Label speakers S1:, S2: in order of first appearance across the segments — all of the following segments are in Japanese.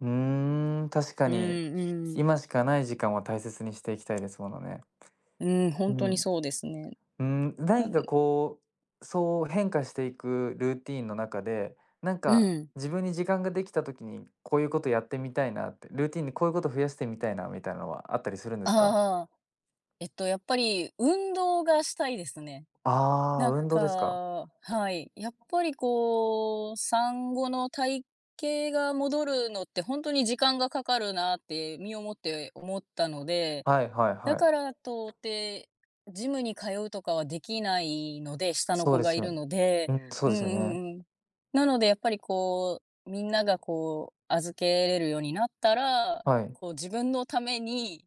S1: うーん、確か
S2: う
S1: に、
S2: んうん。
S1: 今しかない時間を大切にしていきたいですものね。
S2: うん、ほ
S1: う
S2: んとに
S1: ん。
S2: そうですね。
S1: うーん、
S2: な
S1: 何
S2: ん
S1: かこう、そう変化していくルーティーンの中で、なん
S2: う
S1: か
S2: ん。
S1: 自分に時間ができた時に、こういうことやってみたいなって、ルーティンでこういうこと増やしてみたいな、みたいなのはあったりするんですか？
S2: ああ。えっと、やっぱり運動がしたいですね。
S1: ああ、
S2: なん
S1: 運動ですか。
S2: かはい。やっぱりこう、産後の体型が戻るのって、ほんとに時間がかかるなって身をもって思ったので、
S1: はいはい
S2: だ
S1: は
S2: か
S1: い。
S2: ら到底、ジムに通うとかはできないので、下の
S1: そう
S2: 子
S1: で
S2: が
S1: す
S2: い
S1: よ
S2: る
S1: ん。
S2: ので
S1: うん、そう
S2: うん
S1: で
S2: う
S1: すよね。
S2: んうん。なのでやっぱりこう、みんながこう、預けれるようになったら、
S1: はい。
S2: こう自分のために、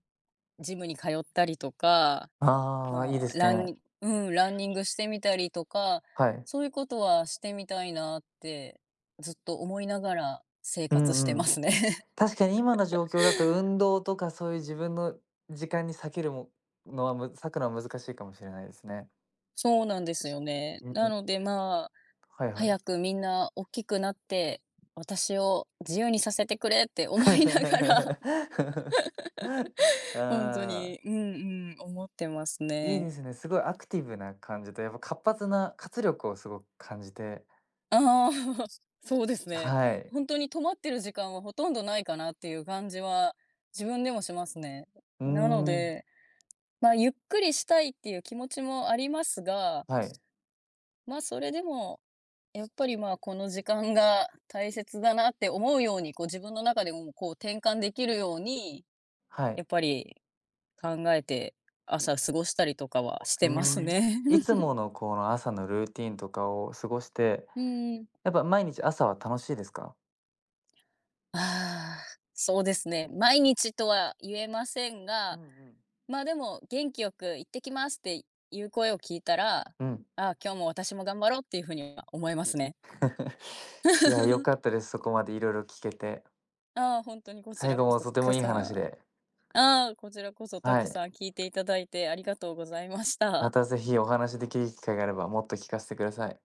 S2: ジムに通ったりとか、
S1: ああ、いい
S2: ま、
S1: です
S2: ラン
S1: ね。
S2: ニうん、ランニングしてみたりとか、
S1: はい。
S2: そういうことはしてみたいなって、ずっと思いながら生
S1: う
S2: 活して
S1: んう
S2: ま
S1: ん。
S2: すね。
S1: 確かに今の状 況だと運動とかそういう自分の時間に割けるものはむ割くのは難しいかもしれないですね。
S2: そうなんです
S1: つ
S2: よね。
S1: う
S2: な
S1: ん。
S2: ので、ま、
S1: はいは
S2: 早
S1: い。
S2: くみんなおっきくなって、私を自由にさせてくれって思いながら。ほんと
S1: ああ。
S2: に、うんうん、思ってます
S1: いい
S2: ね。
S1: ですね、すごいアクティブな感じで、やっぱ活発な活力をすご、感じて
S2: ああ、そうです
S1: え、
S2: ね、
S1: はい。
S2: ほんとに止まってる時間は、ほとんどないかなっていう感じは、自分でもしますね。
S1: う
S2: うん、なの
S1: ん。
S2: で、ま、ゆっくりしたいっていう気持ちもありますが
S1: はい。
S2: ま、それでも、やっぱり、ま、この時間が大切だなって思うように、こう自分の中で、うこう転換できるように、
S1: は
S2: や
S1: い。
S2: っぱり、考えて朝過ごしたりとかは
S1: わ、
S2: し
S1: う
S2: て
S1: ー
S2: ます
S1: ん、
S2: ね。
S1: いつ ものこの朝のルーティーンとかを過ごして、
S2: うん。
S1: やっぱ毎日朝は楽しいですか？
S2: ああ、そうですね、毎日とは言えません
S1: う
S2: が、
S1: んうん。
S2: ま、でも元気よく行ってきますっていう声を聞いたら、あ
S1: うん。
S2: あ、今日も私も頑張ろうっていう風には思いますね。
S1: いやよ かったです。そこまでいろいろ聴けて。
S2: ああ、ほんとにこち
S1: 最
S2: ら
S1: 後
S2: こ
S1: も
S2: そ、
S1: とても
S2: け
S1: いい
S2: さ
S1: 話
S2: ん。
S1: で。
S2: ああ、こちらこそた
S1: は
S2: く
S1: い。
S2: さん聴いていただいてありがとうございました。
S1: またぜひお話しできる機会があれば、もっと聴かせてください。